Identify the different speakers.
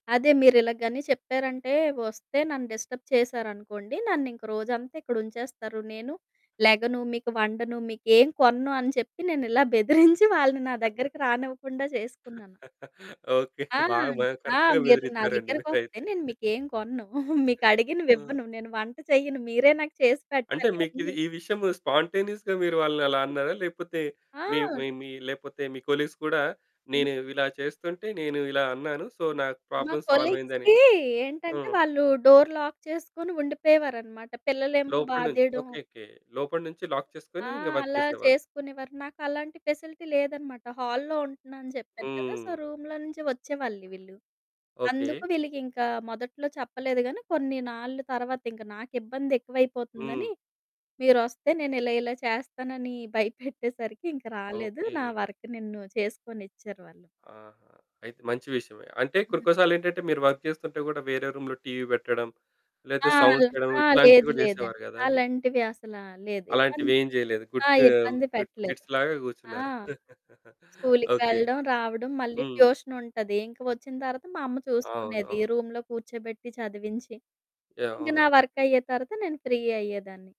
Speaker 1: అదే మీరిలగ గని చెప్పారంటే ఒస్తే "నన్ను డిస్టర్బ్ చేశారనుకోండి. నన్నింక రోజంతా ఇక్కడుంచేస్తారు. నేను లెగను, మీకు వండను. మీకేం కొనను" అని చెప్పి నేనిలా బెదిరించి వాళ్ళని నా దగ్గరకి రానివ్వకుండా చేసుకున్నాను.
Speaker 2: ఓకే.
Speaker 1: ఆ!
Speaker 2: బాగా మ
Speaker 1: ఆ!
Speaker 2: కరెక్ట్‌గా
Speaker 1: "మీరు నా
Speaker 2: బెదిరిచ్చారండి
Speaker 1: దగ్గరకొస్తే
Speaker 2: మీరైతే.
Speaker 1: నేను మీకేం కొనను.
Speaker 2: ఆ!
Speaker 1: మీకడిగినవివ్వను. నేను వంట చేయ్యను. మీరే నాకు చేసి
Speaker 2: అంటే
Speaker 1: పెట్టాలి.
Speaker 2: మీకిది
Speaker 1: అన్నీ."
Speaker 2: ఈ విషయము స్పాంటేనియస్‌గా మీరు వాళ్ళనలా అన్నారా? లేపోతే
Speaker 1: ఆ!
Speaker 2: మీ మీ మీ లేపోతే మీ కొలీగ్స్ గూడా
Speaker 1: హ్మ్.
Speaker 2: నేను ఇలా చేస్తుంటే నేను ఇలా అన్నాను. సో నాకు
Speaker 1: మా
Speaker 2: ప్రాబ్లమ్ సాల్వయిందని
Speaker 1: కొలీగ్స్‌కి ఏంటంటే
Speaker 2: హ్మ్.
Speaker 1: వాళ్ళు డోర్ లాక్ చేసుకొని ఉండిపోయేవారనమాట. పిల్లలేమో
Speaker 2: లోపడి నుంచి,
Speaker 1: బాదేయడము
Speaker 2: ఓకే. ఓకే. లోపడి నుంచి లాక్ చేసుకొని
Speaker 1: ఆ!
Speaker 2: ఇంగ వర్క్
Speaker 1: అలా
Speaker 2: చేసేవాళ్ళు.
Speaker 1: చేసుకునేవారు. నాకలాంటి ఫెసిలిటీ లేదనమాట. హాల్‌లో ఉంటున్నా అని చెప్పాను కదా! సో
Speaker 2: హ్మ్.
Speaker 1: రూమ్‌లో నుంచి ఒచ్చేవాళ్ళు వీళ్ళు.
Speaker 2: ఓకే.
Speaker 1: అందుకు వీళ్ళకింకా మొదట్లో చెప్పలేదు గానీ కొన్ని నాళ్ళు తర్వాత ఇంక నాకిబ్బందెక్కువైపోతుందని,
Speaker 2: హ్మ్.
Speaker 1: మీరొస్తే నేనిలా ఇలా చేస్తానని భయపెట్టేసరికి ఇంక రాలేదు. నా
Speaker 2: ఓకే.
Speaker 1: వర్క్ నిన్ను చేసుకొనిచ్చారు వాళ్ళు.
Speaker 2: ఆహ! అయితే మంచి విషయమే. అంటే కొన్ని
Speaker 1: హ్మ్.
Speaker 2: కొన్ని సార్లేంటంటే మీరు వర్క్ చేస్తుంటే గూడా వేరే రూమ్‌లో టీవీ పెట్టడం. లేతే
Speaker 1: ఆ!
Speaker 2: సౌండ్ చేయడం.
Speaker 1: ఆ!
Speaker 2: ఇట్లాంటివి
Speaker 1: లేదు
Speaker 2: గూడా
Speaker 1: లేదండి.
Speaker 2: చేసేవారు గదండీ!
Speaker 1: అలాంటివి అసలా లేదు. ఇబ్బంద్
Speaker 2: అలాంటివేం జేయలేదు.
Speaker 1: ఆ!
Speaker 2: గుడ్ గ
Speaker 1: ఇబ్బంది
Speaker 2: గుడ్
Speaker 1: పెట్టలేదు.
Speaker 2: కిడ్స్ లాగా
Speaker 1: ఆ!
Speaker 2: గూర్చున్నారు.
Speaker 1: స్కూలుకి
Speaker 2: ఓకే.
Speaker 1: వెళ్ళడం రావడం మళ్ళీ
Speaker 2: హ్మ్.
Speaker 1: ట్యూషన్ ఉంటది. ఇంక ఒచ్చిన తర్వాత మా అమ్మ
Speaker 2: అవును.
Speaker 1: చూసుకునేది.
Speaker 2: అవును.
Speaker 1: రూమ్‌లో కూర్చోబెట్టి చదివించి.
Speaker 2: యాహ్!
Speaker 1: ఇంక నా
Speaker 2: అవును.
Speaker 1: వర్కయ్యే తర్వాత నేను ఫ్రీ అయ్యేదాన్ని.